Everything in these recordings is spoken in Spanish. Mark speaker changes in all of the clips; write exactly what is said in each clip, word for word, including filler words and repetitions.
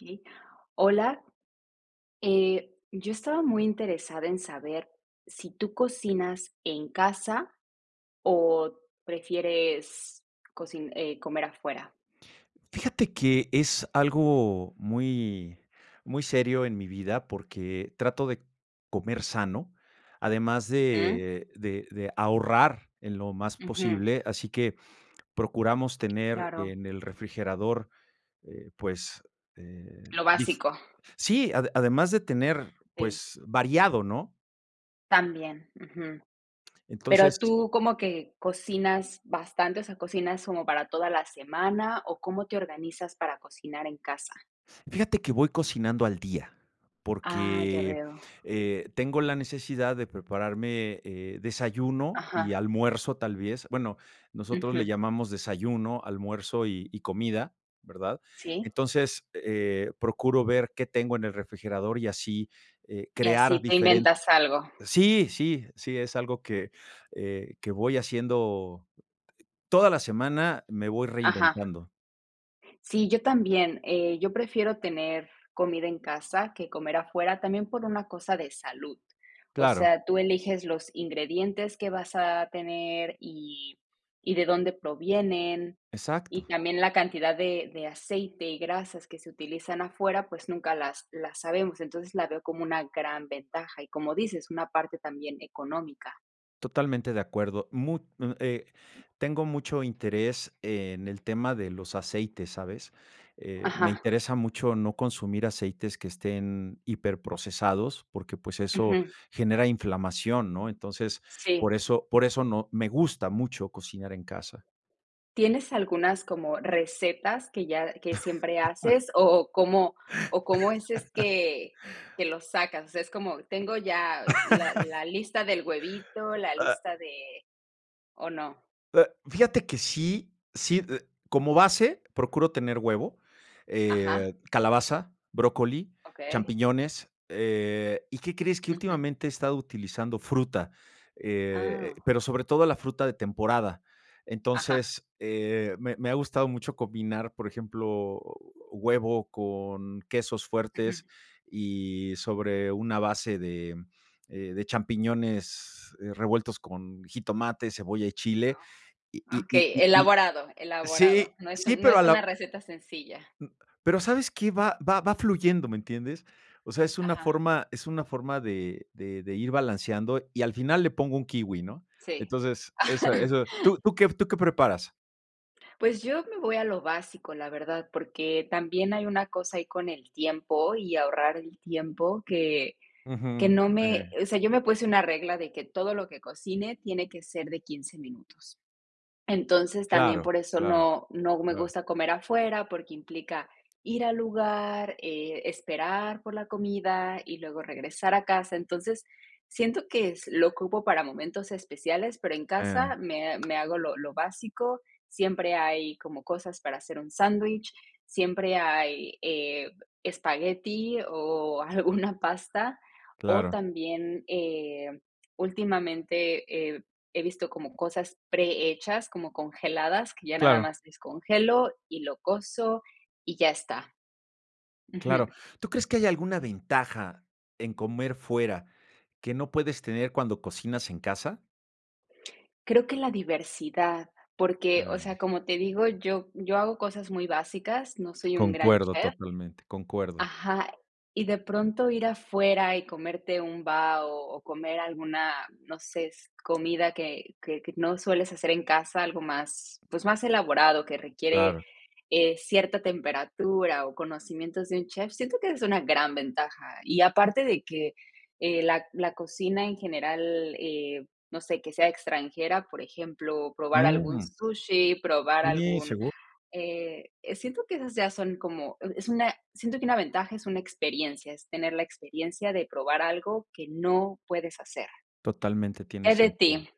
Speaker 1: Okey. Hola, eh, yo estaba muy interesada en saber si tú cocinas en casa, o prefieres cocin eh, comer afuera.
Speaker 2: Fíjate que es algo muy muy serio en mi vida, porque trato de comer sano, además
Speaker 1: Ujú.
Speaker 2: de de de ahorrar en lo más
Speaker 1: Ujú.
Speaker 2: posible, así que procuramos tener
Speaker 1: Claro.
Speaker 2: en el refrigerador, eh, pues, eh,
Speaker 1: Lo
Speaker 2: dif
Speaker 1: básico.
Speaker 2: sí, ade además de tener,
Speaker 1: Sí.
Speaker 2: pues, variado, ¿no?
Speaker 1: También, ujú. Pero,
Speaker 2: Entonces
Speaker 1: ¿tú como que cocinas bastante, o sea, cocinas como para toda la semana, o cómo te organizas para cocinar en casa?
Speaker 2: fíjate que voy cocinando al día,
Speaker 1: Ah, ya
Speaker 2: porque,
Speaker 1: veo.
Speaker 2: eh, tengo la necesidad de prepararme, eh, desayuno y
Speaker 1: Ajá.
Speaker 2: almuerzo, tal vez bueno, nosotros le
Speaker 1: Ujú.
Speaker 2: llamamos desayuno, almuerzo, y y comida, ¿verdad?
Speaker 1: Sí.
Speaker 2: Entonces, eh, procuro ver qué tengo en el refrigerador y así, eh,
Speaker 1: Y
Speaker 2: crear
Speaker 1: así te
Speaker 2: diferen
Speaker 1: inventas algo.
Speaker 2: sí, sí, sí, es algo que, eh, que voy haciendo toda la semana me voy
Speaker 1: Ajá.
Speaker 2: reinventando.
Speaker 1: Sí, yo también. Eh, yo prefiero tener comida en casa que comer afuera, también por una cosa de salud. O
Speaker 2: Claro.
Speaker 1: sea, tú eliges los ingredientes que vas a tener, y y de dónde provienen, y
Speaker 2: Exacto.
Speaker 1: también la cantidad de de aceite y grasas que se utilizan afuera, pues, nunca las las sabemos. Entonces, la veo como una gran ventaja, y como dices, una parte también económica.
Speaker 2: Totalmente de acuerdo. Mu mm, eh, tengo mucho interés en el tema de los aceites, ¿sabes? Eh, me
Speaker 1: Ajá.
Speaker 2: interesa mucho no consumir aceites que estén hiperprocesados porque, pues, eso
Speaker 1: Ujú.
Speaker 2: genera inflamación, ¿no? Entonces,
Speaker 1: Sí.
Speaker 2: por eso por eso no me gusta mucho cocinar en casa.
Speaker 1: ¿Tienes algunas como recetas que ya que siempre haces, o o cómo o cómo es es que que los sacas?, o sea, es como tengo ya la la lista del huevito, la
Speaker 2: Ah.
Speaker 1: lista de ¿o no?
Speaker 2: Fíjate que sí, sí, como base, procuro tener huevo,
Speaker 1: Ajá.
Speaker 2: eh, calabaza, brócoli,
Speaker 1: Okey.
Speaker 2: champiñones, eh, ¿y qué crees? que
Speaker 1: Ujú.
Speaker 2: últimamente he estado utilizando fruta, eh, eh,
Speaker 1: Ah.
Speaker 2: pero sobre todo la fruta de temporada.
Speaker 1: Ajá.
Speaker 2: Entonces, eh, me me ha gustado mucho combinar, por ejemplo, huevo con quesos fuertes,
Speaker 1: Ujú.
Speaker 2: y sobre una base de, mm, eh, de champiñones, eh, revueltos con jitomate, cebolla y chile, y
Speaker 1: Oh,
Speaker 2: y y
Speaker 1: okey,
Speaker 2: y y l
Speaker 1: elaborado elaborado.
Speaker 2: sí,
Speaker 1: No es
Speaker 2: sí,
Speaker 1: un no
Speaker 2: pero a
Speaker 1: es una
Speaker 2: la
Speaker 1: receta sencilla.
Speaker 2: Mm, pero, ¿sabes qué?, va va va fluyendo, ¿me entiendes? O sea, es una
Speaker 1: Ajá.
Speaker 2: forma es una forma de de de ir balanceando, y al final le pongo un kiwi, ¿no?
Speaker 1: Sí.
Speaker 2: Entonces, esa eso ¿tú tú qué tú qué preparas?
Speaker 1: Pues yo me voy a lo básico, la verdad, porque también hay una cosa ahí con el tiempo y ahorrar el tiempo que que
Speaker 2: Ujú,
Speaker 1: no me
Speaker 2: sí.
Speaker 1: o sea, yo me puse una regla de que todo lo que cocine tiene que ser de quince minutos. Entonces, también
Speaker 2: Claro,
Speaker 1: por eso
Speaker 2: claro,
Speaker 1: no no me
Speaker 2: claro.
Speaker 1: gusta comer afuera, porque implica ir al lugar, eh, esperar por la comida, y luego regresar a casa. Entonces, siento que es lo ocupo para momentos especiales, pero en casa
Speaker 2: Eh.
Speaker 1: me me hago lo lo básico, siempre hay como cosas para hacer un sándwich, siempre hay, eh, espagueti o alguna pasta, o
Speaker 2: Claro.
Speaker 1: también, eh, últimamente, eh, he visto como cosas prehechas, como congeladas, que ya nada
Speaker 2: Claro.
Speaker 1: más descongelo, y lo coso, y ya está. Ujú.
Speaker 2: Claro. ¿Tú crees que hay alguna ventaja en comer fuera que no puedes tener cuando cocinas en casa?
Speaker 1: Creo que la diversidad porque, o sea,
Speaker 2: Ah.
Speaker 1: como te digo, yo yo hago cosas muy básicas, no soy un gran
Speaker 2: Concuerdo
Speaker 1: chef.
Speaker 2: totalmente, concuerdo.
Speaker 1: Ajá. Y de pronto ir afuera y comerte un bao, o comer alguna, no sé, es comida que que que no sueles hacer en casa, algo más, pues más elaborado, que requiere,
Speaker 2: Claro.
Speaker 1: eh, cierta temperatura o conocimientos de un chef, siento que esa es una gran ventaja. Y aparte de que, eh, la la cocina en general, eh, no sé, que sea extranjera, por ejemplo, probar algún
Speaker 2: ¡Mm!
Speaker 1: sushi, probar
Speaker 2: Sí,
Speaker 1: algún
Speaker 2: segu
Speaker 1: eh, eh, siento que esas ya son como, e es una, siento que una ventaja, es una experiencia, es tener la experiencia de probar algo que no puedes hacer.
Speaker 2: Totalmente, tiene
Speaker 1: Eh, de
Speaker 2: sentido.
Speaker 1: ti.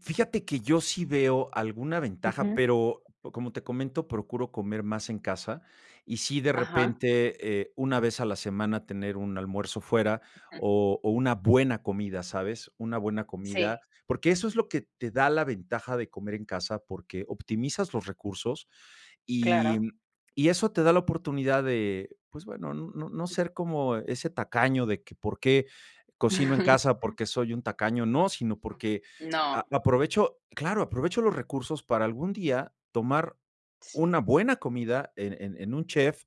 Speaker 2: Fíjate que yo sí veo alguna ventaja,
Speaker 1: Ujú.
Speaker 2: pero, como te comento, procuro comer más en casa, y sí de
Speaker 1: Ajá.
Speaker 2: repente, eh, una vez a la semana tener un almuerzo fuera,
Speaker 1: Ujú.
Speaker 2: o o una buena comida, ¿sabes?, una buena comida.
Speaker 1: Sí.
Speaker 2: Porque eso es lo que te da la ventaja de comer en casa, porque optimizas los recursos y,
Speaker 1: Claro.
Speaker 2: mm, y eso te da la oportunidad de, pues bueno, no no no
Speaker 1: Ujú.
Speaker 2: ser como ese tacaño de que: "¿Por qué cocino en casa? Porque soy un tacaño". No, sino porque
Speaker 1: No.
Speaker 2: a aprovecho claro, aprovecho los recursos para algún día tomar
Speaker 1: Sí.
Speaker 2: una buena comida en en en un chef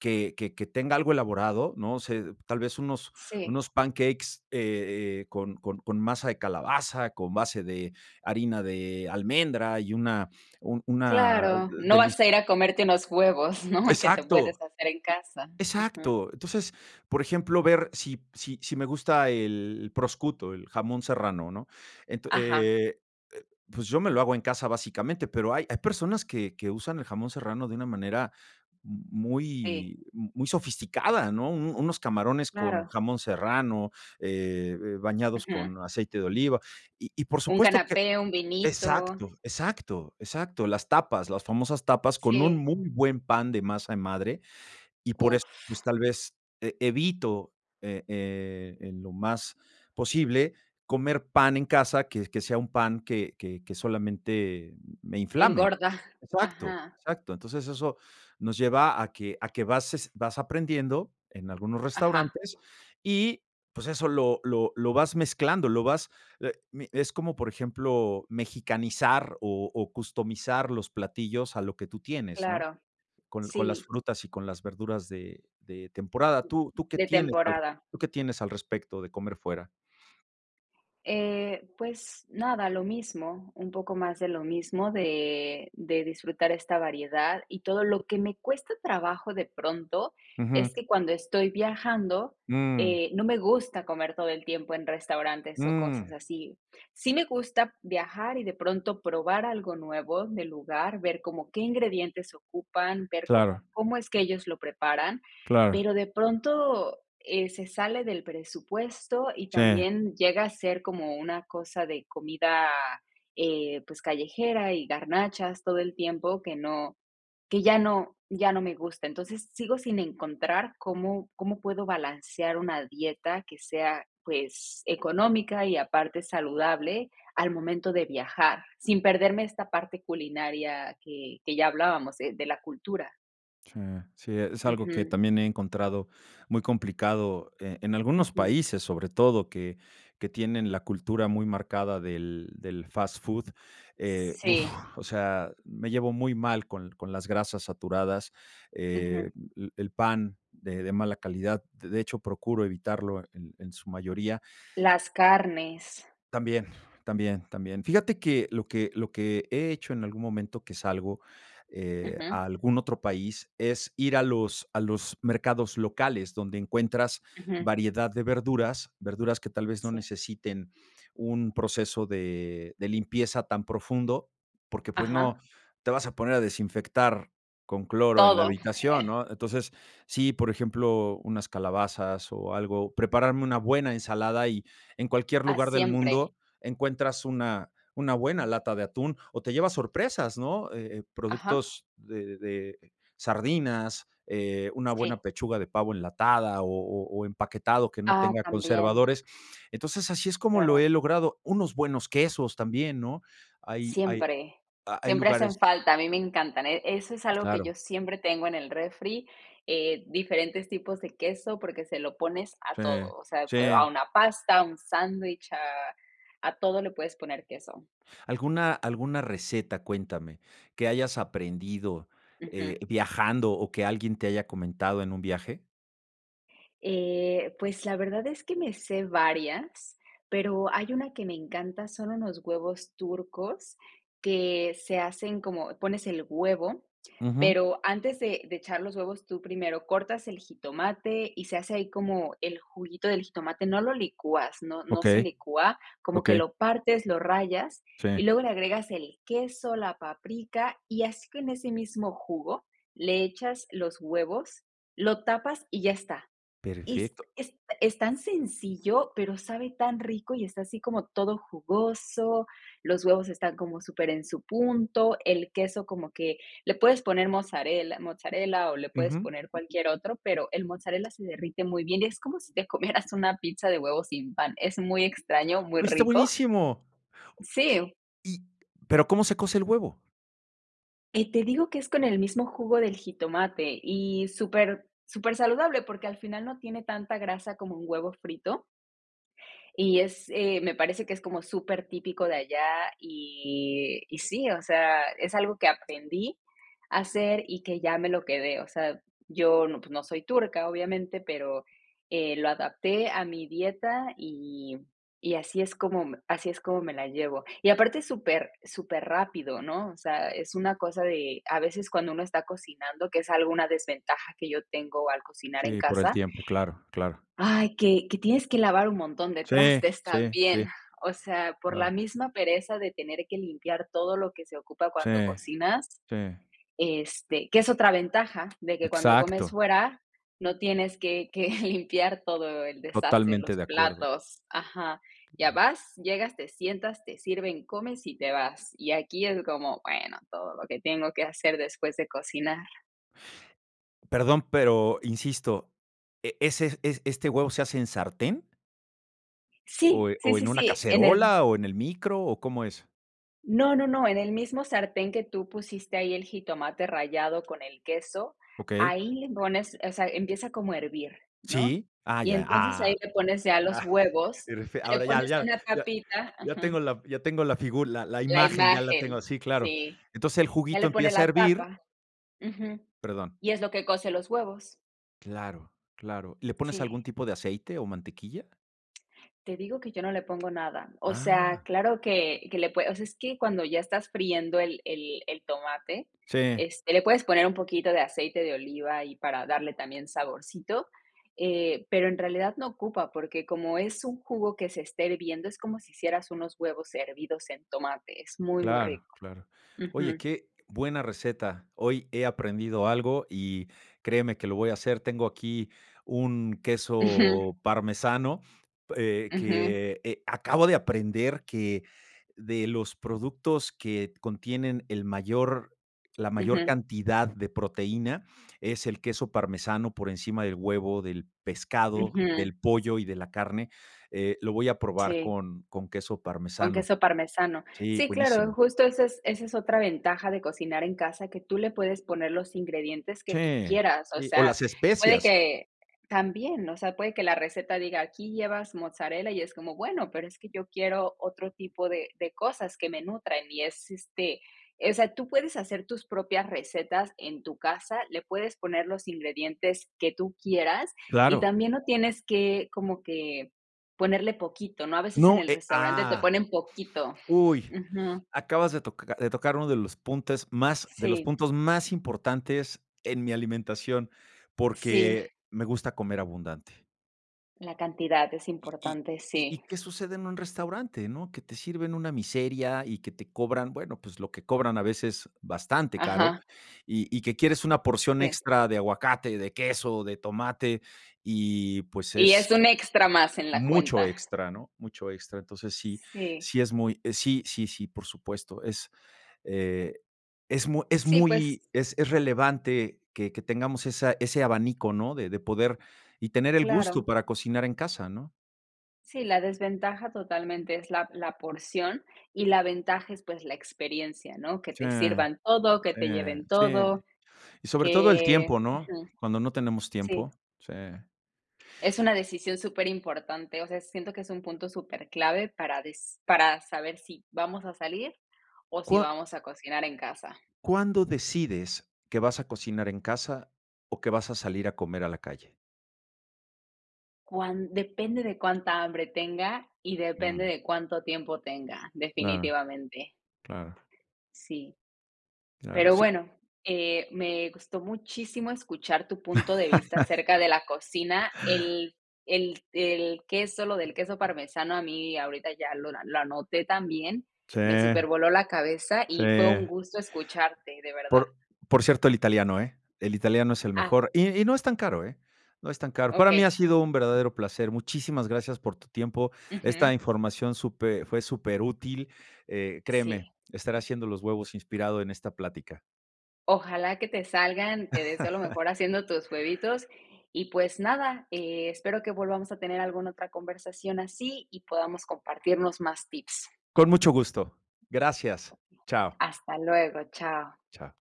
Speaker 2: que que que tenga algo elaborado. No sé, tal vez unos
Speaker 1: Sí.
Speaker 2: unos pancakes, eh, eh, con con con masa de calabaza, con base de harina de almendra y una un una
Speaker 1: Claro,
Speaker 2: de
Speaker 1: no vas a
Speaker 2: delis
Speaker 1: ir a comerte unos huevos, ¿no?, que te
Speaker 2: Exacto.
Speaker 1: puedes hacer en casa, ujú.
Speaker 2: Exacto. Entonces, por ejemplo, ver si si si me gusta el proscuto, el jamón serrano, ¿no? Ento
Speaker 1: Ajá.
Speaker 2: eh, eh, pues, yo me lo hago en casa, básicamente, pero hay hay personas que que usan el jamón serrano de una manera m
Speaker 1: Sí.
Speaker 2: muy muy sofisticada, ¿no? Un unos camarones con
Speaker 1: Claro.
Speaker 2: jamón serrano, eh, eh, bañados
Speaker 1: Ujú.
Speaker 2: con aceite de oliva. Y y por
Speaker 1: Un
Speaker 2: supuesto que
Speaker 1: canapé, un vinito.
Speaker 2: exacto, exacto, exacto, las tapas, las famosas tapas con un
Speaker 1: Sí.
Speaker 2: muy buen pan de masa de madre, y por eso,
Speaker 1: Uf.
Speaker 2: pues, tal vez, eh, evito, eh, eh, en lo más posible comer pan en casa que que sea un pan que que que solamente me inflame.
Speaker 1: Engorda.
Speaker 2: Exacto,
Speaker 1: Ajá.
Speaker 2: exacto. Entonces eso nos lleva a que a, ¿qué bases vas aprendiendo en algunos
Speaker 1: Ajá.
Speaker 2: restaurantes? Y, pues, eso lo lo lo vas mezclando, lo vas, eh, mi es como, por ejemplo, mexicanizar o o customizar los platillos a lo que tú tienes, ¿no?
Speaker 1: Claro.
Speaker 2: Con con las
Speaker 1: Sí.
Speaker 2: frutas y con las verduras de de temporada, ¿tú tú qué
Speaker 1: De
Speaker 2: tienes al
Speaker 1: temporada.
Speaker 2: tú qué tienes al respecto de comer fuera?
Speaker 1: Eh, pues, nada, lo mismo, un poco más de lo mismo de de disfrutar esta variedad y todo lo que me cuesta trabajo, de pronto, es
Speaker 2: Ujú.
Speaker 1: que cuando estoy viajando,
Speaker 2: Mm.
Speaker 1: eh, no me gusta comer todo el tiempo en restaurantes o cosas
Speaker 2: Mm.
Speaker 1: así. Sí me gusta viajar y de pronto probar algo nuevo del lugar, ver como qué ingredientes ocupan, ver como
Speaker 2: Claro.
Speaker 1: cómo es que ellos lo preparan,
Speaker 2: Claro.
Speaker 1: pero de pronto, eh, se sale del presupuesto, y
Speaker 2: Sí.
Speaker 1: también llega a ser como una cosa de comida, eh, pues callejera, y garnachas todo el tiempo que no que ya no ya no me gusta. Entonces, sigo sin encontrar cómo cómo puedo balancear una dieta que sea, pues económica y aparte saludable al momento de viajar, sin perderme esta parte culinaria que que ya hablábamos, eh, de de la cultura.
Speaker 2: Sí, sí, es algo que
Speaker 1: Ujú.
Speaker 2: también he encontrado muy complicado, eh, en algunos
Speaker 1: Ujú.
Speaker 2: países, sobre todo, que que tienen la cultura muy marcada del del fast food. Eh, uf,
Speaker 1: Sí.
Speaker 2: o sea, me llevo muy mal con con las grasas saturadas, eh,
Speaker 1: Ujú.
Speaker 2: l l el pan de de mala calidad, de hecho, procuro evitarlo en en su mayoría.
Speaker 1: Las carnes.
Speaker 2: También, también, también. Fíjate que lo que lo que he hecho en algún momento, que salgo, eh,
Speaker 1: Ujú.
Speaker 2: a algún otro país, es ir a los a los mercados locales donde encuentras
Speaker 1: Ujú.
Speaker 2: variedad de verduras, verduras que tal vez no
Speaker 1: Sí.
Speaker 2: necesiten un proceso de de limpieza tan profundo, porque, pues
Speaker 1: Ajá.
Speaker 2: no te vas a poner a desinfectar con cloro en la
Speaker 1: Todo,
Speaker 2: habitación,
Speaker 1: eh
Speaker 2: ¿no? Entonces, sí, por ejemplo, unas calabazas o algo, prepararme una buena ensalada, y en cualquier
Speaker 1: Ah,
Speaker 2: lugar del
Speaker 1: siempre.
Speaker 2: mundo encuentras una una buena lata de atún, o te llevas sorpresas, ¿no? Eh, eh
Speaker 1: Ajá.
Speaker 2: productos de de sardinas, eh, una buena
Speaker 1: Sí.
Speaker 2: pechuga de pavo enlatada, o o o empaquetado que no
Speaker 1: Ah,
Speaker 2: tenga
Speaker 1: también.
Speaker 2: conservadores. Entonces, así es como lo he
Speaker 1: Claro.
Speaker 2: logrado unos buenos quesos también, ¿no? Hay hay
Speaker 1: Siempre,
Speaker 2: ha hay
Speaker 1: siempre hacen
Speaker 2: lugares
Speaker 1: falta, a mí me encantan. E eso es algo que
Speaker 2: Claro.
Speaker 1: yo siempre tengo en el refri, eh, diferentes tipos de queso, porque se lo pones a
Speaker 2: Sí,
Speaker 1: todo, o sea,
Speaker 2: sí.
Speaker 1: a una pasta, a un sándwich, a a todo le puedes poner queso.
Speaker 2: ¿Alguna alguna receta, cuéntame, que hayas aprendido, eh,
Speaker 1: Ujú.
Speaker 2: viajando, o que alguien te haya comentado en un viaje?
Speaker 1: Eh, pues, la verdad es que me sé varias, pero hay una que me encanta, son unos huevos turcos que se hacen como pones el huevo,
Speaker 2: Ujú.
Speaker 1: pero antes de de echar los huevos, tú primero cortas el jitomate y se hace ahí como el juguito del jitomate no lo licúas, no no se
Speaker 2: Okey,
Speaker 1: licúa, como que
Speaker 2: okey.
Speaker 1: lo partes, lo rayas,
Speaker 2: Sí.
Speaker 1: y luego le agregas el queso, la paprika, y así con ese mismo jugo le echas los huevos, lo tapas y ya está. Es
Speaker 2: Perfecto.
Speaker 1: es es tan sencillo, pero sabe tan rico, y está así como todo jugoso, los huevos están como súper en su punto, el queso como que le puedes poner mozzarella mozzarella o le puedes
Speaker 2: Ujú.
Speaker 1: poner cualquier otro, pero el mozzarella se derrite muy bien. Es como si te comieras una pizza de huevo sin pan, es muy extraño, muy
Speaker 2: Oye, está
Speaker 1: rico.
Speaker 2: buenísimo.
Speaker 1: Sí.
Speaker 2: Y, ¿pero cómo se cose el huevo?
Speaker 1: Y te digo que es con el mismo jugo del jitomate, y súper supersaludable porque al final no tiene tanta grasa como un huevo frito y es, eh, me parece que es como supertipico de allá, y y sí, o sea, es algo que aprendí a hacer y que ya me lo quedé, o sea, yo no, pues no soy turca obviamente, pero, eh, lo adapté a mi dieta, y y así es como me así es como me la llevo. Y aparte es súper superrapido, ¿no? o sea, es una cosa de, a veces cuando uno está cocinando, que es algo una desventaja que yo tengo al cocinar en
Speaker 2: Sí, por el
Speaker 1: casa
Speaker 2: tiempo, claro, claro.
Speaker 1: ay, que que tienes que lavar un montón de
Speaker 2: Sí,
Speaker 1: trastes
Speaker 2: sí, sí.
Speaker 1: también. O sea, por la
Speaker 2: Claro.
Speaker 1: misma pereza de tener que limpiar todo lo que se ocupa
Speaker 2: Sí,
Speaker 1: cuando cocinas,
Speaker 2: sí.
Speaker 1: este, que es otra ventaja, de que cuando comes
Speaker 2: Exacto.
Speaker 1: fuera no tienes que que limpiar todo el desastre,
Speaker 2: Totalmente
Speaker 1: los
Speaker 2: de acuerdo.
Speaker 1: platos ajá. Ya
Speaker 2: Claro.
Speaker 1: vas, llegas, te sientas, te sirven, comes, y te vas. Y aquí es como, bueno, todo lo que tengo que hacer después de cocinar.
Speaker 2: Perdón, pero insisto, eh, ¿ese es es este huevo se hace en sartén? ¿O
Speaker 1: ¡Sí!
Speaker 2: e
Speaker 1: Sí,
Speaker 2: o
Speaker 1: sí,
Speaker 2: en una
Speaker 1: sí, en el
Speaker 2: cacerola, o en el micro, o cómo es?
Speaker 1: No, no, no, en el mismo sartén que tú pusiste ahí el jitomate rallado con el queso,
Speaker 2: Okey.
Speaker 1: ahí le pones o sea, empieza como a hervir, ¿no?
Speaker 2: ¿Sí? Ah,
Speaker 1: Y
Speaker 2: ya,
Speaker 1: entonces ahí
Speaker 2: ¡ah!
Speaker 1: le pones ya
Speaker 2: Ah,
Speaker 1: los huevos,
Speaker 2: este,
Speaker 1: le
Speaker 2: ahora ya
Speaker 1: pones
Speaker 2: ya
Speaker 1: una
Speaker 2: ya
Speaker 1: tapita
Speaker 2: ya
Speaker 1: ujú.
Speaker 2: tengo la ya tengo la figu la la
Speaker 1: La
Speaker 2: imagen, ya la
Speaker 1: imagen,
Speaker 2: tengo. Sí, claro.
Speaker 1: sí.
Speaker 2: Entonces, el
Speaker 1: Ya
Speaker 2: juguito
Speaker 1: le pones
Speaker 2: empieza a
Speaker 1: la
Speaker 2: hervir
Speaker 1: tapa ujú,
Speaker 2: Perdón.
Speaker 1: y es lo que cose los huevos.
Speaker 2: Claro, claro, ¿le pones
Speaker 1: Sí.
Speaker 2: algún tipo de aceite o mantequilla?
Speaker 1: Te digo que yo no le pongo nada. O
Speaker 2: ¡Ah!
Speaker 1: sea, claro que que le puede o sea, es que cuando ya estás friendo el el el tomate,
Speaker 2: Sí.
Speaker 1: este, le puedes poner un poquito de aceite de oliva ahí, para darle también saborcito, eh, pero en realidad no ocupa, porque como es un jugo que se está hirviendo, es como si hicieras unos huevos hervidos en tomate, es muy, muy
Speaker 2: Claro,
Speaker 1: rico.
Speaker 2: claro. Oye,
Speaker 1: Ujú.
Speaker 2: qué buena receta. Hoy he aprendido algo y créeme que lo voy a hacer. Tengo aquí un
Speaker 1: Ujú.
Speaker 2: queso parmesano, eh,
Speaker 1: Ujú.
Speaker 2: que, eh, acabo de aprender que de los productos que contienen el mayor la mayor
Speaker 1: Ujú.
Speaker 2: cantidad de proteína es el queso parmesano por encima del huevo, del pescado,
Speaker 1: Ujú.
Speaker 2: del pollo y de la carne. Eh, lo voy a probar
Speaker 1: Sí.
Speaker 2: con con queso
Speaker 1: Con
Speaker 2: parmesano.
Speaker 1: queso parmesano.
Speaker 2: Sí,
Speaker 1: Sí, claro,
Speaker 2: buenísimo.
Speaker 1: justo esa es esa es otra ventaja de cocinar en casa, que tú le puedes poner los ingredientes que tú
Speaker 2: Sí,
Speaker 1: quieras. O
Speaker 2: sí, o
Speaker 1: sea,
Speaker 2: las
Speaker 1: puede
Speaker 2: especias.
Speaker 1: que también, o sea, puede que la receta diga, aquí llevas mozzarella y es como, bueno, pero es que yo quiero otro tipo de de cosas que me nutran y es, este, o sea, tú puedes hacer tus propias recetas en tu casa, le puedes poner los ingredientes que tú quieras y
Speaker 2: Claro.
Speaker 1: también no tienes que como que ponerle poquito, ¿no? A veces en
Speaker 2: No,
Speaker 1: el
Speaker 2: eh,
Speaker 1: restaurante te
Speaker 2: ¡ah,
Speaker 1: ponen poquito.
Speaker 2: uy!,
Speaker 1: Ujú.
Speaker 2: acabas de toca de tocar uno de los puntes más de los
Speaker 1: Sí.
Speaker 2: puntos más importantes en mi alimentación,
Speaker 1: Sí.
Speaker 2: porque me gusta comer abundante.
Speaker 1: La cantidad es
Speaker 2: Y y
Speaker 1: importante,
Speaker 2: y y,
Speaker 1: sí.
Speaker 2: ¿qué sucede en un restaurante, no? Que te sirven una miseria, y que te cobran, bueno, pues lo que cobran a veces, bastante caro.
Speaker 1: Ajá.
Speaker 2: Y y que quieres una porción
Speaker 1: Sí.
Speaker 2: extra de aguacate, de queso, de tomate y, pues,
Speaker 1: Y ya
Speaker 2: es
Speaker 1: es un extra más en la
Speaker 2: mucho
Speaker 1: cuenta.
Speaker 2: extra, ¿no?, mucho extra. Entonces sí,
Speaker 1: Sí.
Speaker 2: sí es muy sí, sí, sí, por supuesto. Es, eh, es mu es
Speaker 1: Sí, pues
Speaker 2: muy es es relevante que que tengamos esa ese abanico, ¿no?, de de poder y tener el
Speaker 1: Claro.
Speaker 2: gusto para cocinar en casa, ¿no?
Speaker 1: Sí, la desventaja, totalmente, es la la porción, y la ventaja es, pues, la experiencia, ¿no? Que
Speaker 2: Sí,
Speaker 1: te sirvan todo, que
Speaker 2: sí,
Speaker 1: te lleven
Speaker 2: sí.
Speaker 1: todo,
Speaker 2: Y sobre todo el tiempo,
Speaker 1: que
Speaker 2: ¿no?
Speaker 1: ujú.
Speaker 2: Cuando no tenemos tiempo
Speaker 1: Sí.
Speaker 2: sí.
Speaker 1: Es una decisión superimportante, o sea, siento que es un punto superclave para des para saber si vamos a salir, o si
Speaker 2: Cua
Speaker 1: vamos a cocinar en casa.
Speaker 2: ¿cuándo decides que vas a cocinar en casa, o que vas a salir a comer a la calle?
Speaker 1: Cuan depende de cuánta hambre tenga, y depende
Speaker 2: Mm.
Speaker 1: de cuánto tiempo tenga,
Speaker 2: Claro,
Speaker 1: definitivamente.
Speaker 2: claro.
Speaker 1: Sí.
Speaker 2: Claro,
Speaker 1: Pero
Speaker 2: sí.
Speaker 1: bueno, eh, me gusto muchísimo escuchar tu punto de vista acerca de la cocina. El el el queso lo del queso parmesano, a mí ahorita ya lo lo anoté también,
Speaker 2: Sí,
Speaker 1: me supervoló la cabeza, y fue un
Speaker 2: sí.
Speaker 1: gusto escucharte, de verdad.
Speaker 2: Por por cierto, el italiano, eh, el italiano es el
Speaker 1: Ah.
Speaker 2: mejor. Y y no es tan caro, eh, no es tan caro. Para mí ha
Speaker 1: Okey.
Speaker 2: sido un verdadero placer. Muchísimas gracias por tu tiempo. Esta
Speaker 1: Ujú.
Speaker 2: información supe fue superútil. Eh, créeme,
Speaker 1: Sí.
Speaker 2: estaré haciendo los huevos inspirado en esta plática.
Speaker 1: Ojalá que te salgan, te deseo lo mejor haciendo tus huevitos, y, pues nada, eh, espero que volvamos a tener alguna otra conversación así, y podamos compartirnos más tips.
Speaker 2: Con mucho gusto. Gracias.
Speaker 1: Okey.
Speaker 2: Chao.
Speaker 1: Hasta luego, chao.
Speaker 2: Chao.